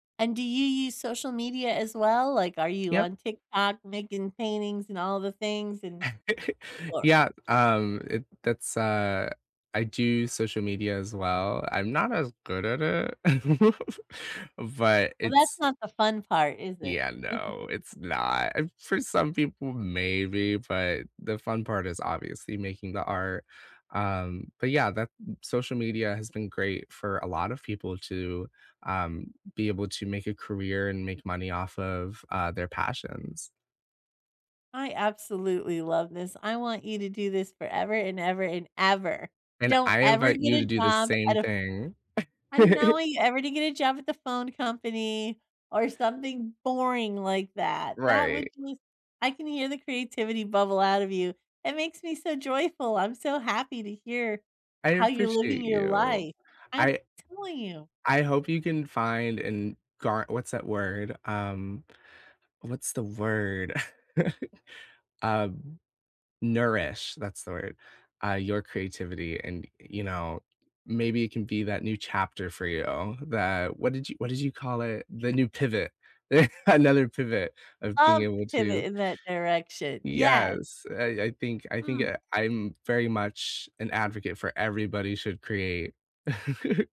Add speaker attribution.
Speaker 1: And do you use social media as well? Like, are you
Speaker 2: Yep.
Speaker 1: on TikTok making paintings and all the things and Or
Speaker 2: Yep, um, it that's, uh I do social media as well, I'm not as good at it, but
Speaker 1: Well, that's
Speaker 2: it's
Speaker 1: not the fun part, is it?
Speaker 2: Yeah, no, it's not. For some people, maybe, but the fun part is obviously making the art, um, but yeah, that social media has been great for a lot of people to, um, be able to make a career and make money off of, uh, their passions.
Speaker 1: I absolutely love this; I want you to do this forever and ever and ever.
Speaker 2: And
Speaker 1: Don't
Speaker 2: I
Speaker 1: ever
Speaker 2: invite
Speaker 1: get
Speaker 2: you to
Speaker 1: a
Speaker 2: do the
Speaker 1: job
Speaker 2: same
Speaker 1: at a
Speaker 2: thing.
Speaker 1: you ever to get a job at the phone company or something boring like that that would
Speaker 2: Right.
Speaker 1: just I can hear the creativity bubble out of you, it makes me so joyful, I'm so happy to hear
Speaker 2: I
Speaker 1: how you're living
Speaker 2: appreciate
Speaker 1: your
Speaker 2: you.
Speaker 1: life. I'm
Speaker 2: I
Speaker 1: telling you!
Speaker 2: I hope you can find and gar what's that word? Um, what's the word? Um, nourish, that's the word, uh, your creativity and, you know, maybe it can be that new chapter for you that what did you what did you call it? The new pivot. Another pivot of being
Speaker 1: Love to
Speaker 2: able
Speaker 1: pivot
Speaker 2: to
Speaker 1: in that direction. Yes!
Speaker 2: Yes, I I think I think
Speaker 1: Mm.
Speaker 2: I I'm very much an advocate for, "everybody should create."